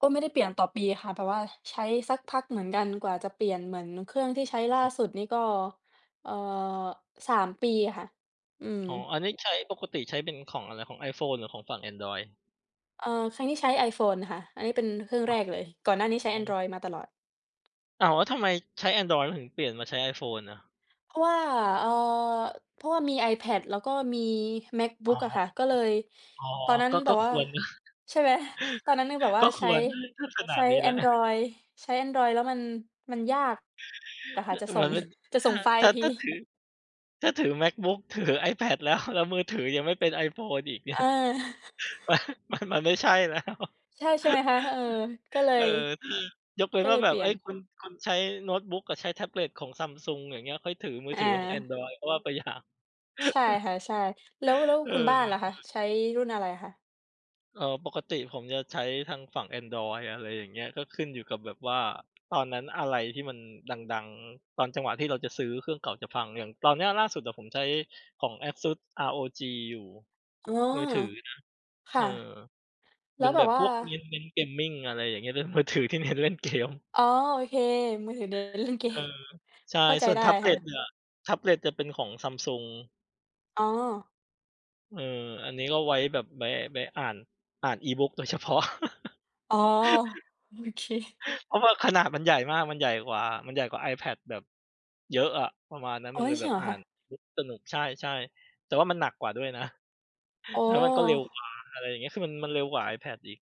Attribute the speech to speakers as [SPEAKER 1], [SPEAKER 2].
[SPEAKER 1] ก็ไม่ได้เปลี่ยนต่อปีค่ะ แบบว่าใช้สักพักเหมือนกันกว่าจะเปลี่ยนเหมือนเครื่องที่ใช้
[SPEAKER 2] อ๋
[SPEAKER 1] ล่า
[SPEAKER 2] อ
[SPEAKER 1] สุดนี่ก็ เอ่อ 3 ปีค่ะ อื
[SPEAKER 2] อ๋อ
[SPEAKER 1] ม
[SPEAKER 2] อันนี้ใช้ ปกติใช้เป็นของอะไร? ของ iPhone หรือของฝั่ง Andriod?
[SPEAKER 1] เออ ครั้งนี้ใช้ iPhone ค่ะ อันนี้เป็นเครื่อง
[SPEAKER 2] อ
[SPEAKER 1] แรกเลย ก่อนหน้านี้ใช
[SPEAKER 2] ๋
[SPEAKER 1] ้
[SPEAKER 2] อ
[SPEAKER 1] Andriod มาตลอด
[SPEAKER 2] อ้าว แล้วทำไมใช้ Adriod แล้วถึงเปลี่ยนมาใช้ iPhone อ่ะ?
[SPEAKER 1] เพราะว่า เอ่อ เพราะว่ามี iPad แล้วก็มี
[SPEAKER 2] อ๋อ
[SPEAKER 1] MacBook อะค่ะ ก็เลย
[SPEAKER 2] อ๋อ
[SPEAKER 1] ตอนนั้
[SPEAKER 2] ๆ
[SPEAKER 1] น
[SPEAKER 2] ก็
[SPEAKER 1] แบ
[SPEAKER 2] ก็
[SPEAKER 1] บว
[SPEAKER 2] ค
[SPEAKER 1] ่า
[SPEAKER 2] วร นะ
[SPEAKER 1] ใช่ไหม ตอนนั้นยังแบบว่
[SPEAKER 2] ก
[SPEAKER 1] า
[SPEAKER 2] ็ค
[SPEAKER 1] ใช้
[SPEAKER 2] วรนะ ถ้าขน
[SPEAKER 1] ใช
[SPEAKER 2] าด
[SPEAKER 1] ้
[SPEAKER 2] นี้แล้ว
[SPEAKER 1] Andriod ใช้ Andriod แล้ว มัน มันยากอ่ะค่
[SPEAKER 2] ฮ
[SPEAKER 1] ะ จะ
[SPEAKER 2] เ
[SPEAKER 1] ส
[SPEAKER 2] ห
[SPEAKER 1] ่
[SPEAKER 2] มือ
[SPEAKER 1] ง
[SPEAKER 2] นเป็น
[SPEAKER 1] จะ
[SPEAKER 2] ถ
[SPEAKER 1] ส่งไฟล
[SPEAKER 2] ้
[SPEAKER 1] ์
[SPEAKER 2] า
[SPEAKER 1] ที
[SPEAKER 2] ถ้าถือ ถ้าถือ MacBook ถือ iPad แล้ว แล้วมือถือยังไม่เป็น iPhone อีก เนี่
[SPEAKER 1] เ
[SPEAKER 2] ย
[SPEAKER 1] ออ
[SPEAKER 2] มัน มัน มันไม่ใช่ แล้ว
[SPEAKER 1] ใช่ ใช่ไหมคะ เออ ก็เล
[SPEAKER 2] เอ
[SPEAKER 1] ย
[SPEAKER 2] อ คือยกเว้
[SPEAKER 1] ก
[SPEAKER 2] น
[SPEAKER 1] ็
[SPEAKER 2] ว
[SPEAKER 1] เ
[SPEAKER 2] ่
[SPEAKER 1] ล
[SPEAKER 2] า
[SPEAKER 1] ย
[SPEAKER 2] แบ
[SPEAKER 1] เป
[SPEAKER 2] บ
[SPEAKER 1] ลี
[SPEAKER 2] เ
[SPEAKER 1] ่
[SPEAKER 2] อ
[SPEAKER 1] ย
[SPEAKER 2] ๊
[SPEAKER 1] น
[SPEAKER 2] ย คุณ คุณใช้โน้ตบุ๊กอะ ใช้แท็บเล็ตของ Samsung อย่างเงี้ย ค่อยถือมือ
[SPEAKER 1] อ
[SPEAKER 2] ถือของ
[SPEAKER 1] า
[SPEAKER 2] Andriod ก็ว่าไป อย่าง
[SPEAKER 1] ใช่ค่ะ ใช่ แล้ว แล้ว
[SPEAKER 2] เอ
[SPEAKER 1] ค
[SPEAKER 2] อ
[SPEAKER 1] ุณบ้านล่ะคะ ใช้รุ่นอะไรคะ?
[SPEAKER 2] เออ ปกติผมจะใช้ทางฝั่ง Andriod อะไรอย่างเงี้ย ก็ขึ้นอยู่กับแบบว่าตอนนั้นอะไรที่มันดัง ๆ ตอนจังหวะที่เราจะซื้อ เครื่องเก่าจะฟัง อย่างตอนเนี้ยล่าสุดอะผมใช้ของ ASUS ROG อยู่
[SPEAKER 1] อ๋อ
[SPEAKER 2] มือถือนะ
[SPEAKER 1] ค
[SPEAKER 2] เอ
[SPEAKER 1] ่ะ
[SPEAKER 2] อ
[SPEAKER 1] แล
[SPEAKER 2] เป
[SPEAKER 1] ้
[SPEAKER 2] ็
[SPEAKER 1] ว
[SPEAKER 2] น
[SPEAKER 1] แบ
[SPEAKER 2] แบ
[SPEAKER 1] บ
[SPEAKER 2] บ
[SPEAKER 1] ว่
[SPEAKER 2] พ
[SPEAKER 1] า
[SPEAKER 2] วกเน้น เน้น Gaming อะไรอย่างเงี้ย เป็นมือถือที่เน้นเล่นเกม
[SPEAKER 1] อ๋อ โอเค มือถือเน้นเล่น เก
[SPEAKER 2] เอ
[SPEAKER 1] ม
[SPEAKER 2] อ ใช
[SPEAKER 1] เ
[SPEAKER 2] ่
[SPEAKER 1] ข้าใจ
[SPEAKER 2] ส่วน
[SPEAKER 1] ได้
[SPEAKER 2] แท็บเ
[SPEAKER 1] ค
[SPEAKER 2] ล
[SPEAKER 1] ่
[SPEAKER 2] ็ต
[SPEAKER 1] ะ
[SPEAKER 2] เนี่ย แท็บเล็ตเนี่ยเป็นของ Samsung
[SPEAKER 1] อ๋อ
[SPEAKER 2] เออ อันนี้ก็ไว้แบบ ไว้ ไว้อ่าน อ่าน E-book โดยเฉพาะ
[SPEAKER 1] อ๋อ โอเค
[SPEAKER 2] เพราะว่าขนาดมันใหญ่มาก มันใหญ่กว่า มันใหญ่กว่า iPad แบบเยอะอะ ประมาณนั้น
[SPEAKER 1] โอ
[SPEAKER 2] มัน
[SPEAKER 1] ๊
[SPEAKER 2] เล
[SPEAKER 1] ย
[SPEAKER 2] ย
[SPEAKER 1] จ
[SPEAKER 2] แ
[SPEAKER 1] ร
[SPEAKER 2] บ
[SPEAKER 1] ิง
[SPEAKER 2] บ
[SPEAKER 1] เหร
[SPEAKER 2] อ
[SPEAKER 1] อ
[SPEAKER 2] ่า
[SPEAKER 1] คะ?
[SPEAKER 2] น E-Book สนุก ใช่ ๆ แต่ว่ามันหนักกว่าด้วยนะ
[SPEAKER 1] อ๋
[SPEAKER 2] แ
[SPEAKER 1] อ
[SPEAKER 2] ล้วมันก็เร็วกว่า อะไรอย่างเงี้ย คือมัน มันเร็วกว่า iPad อีก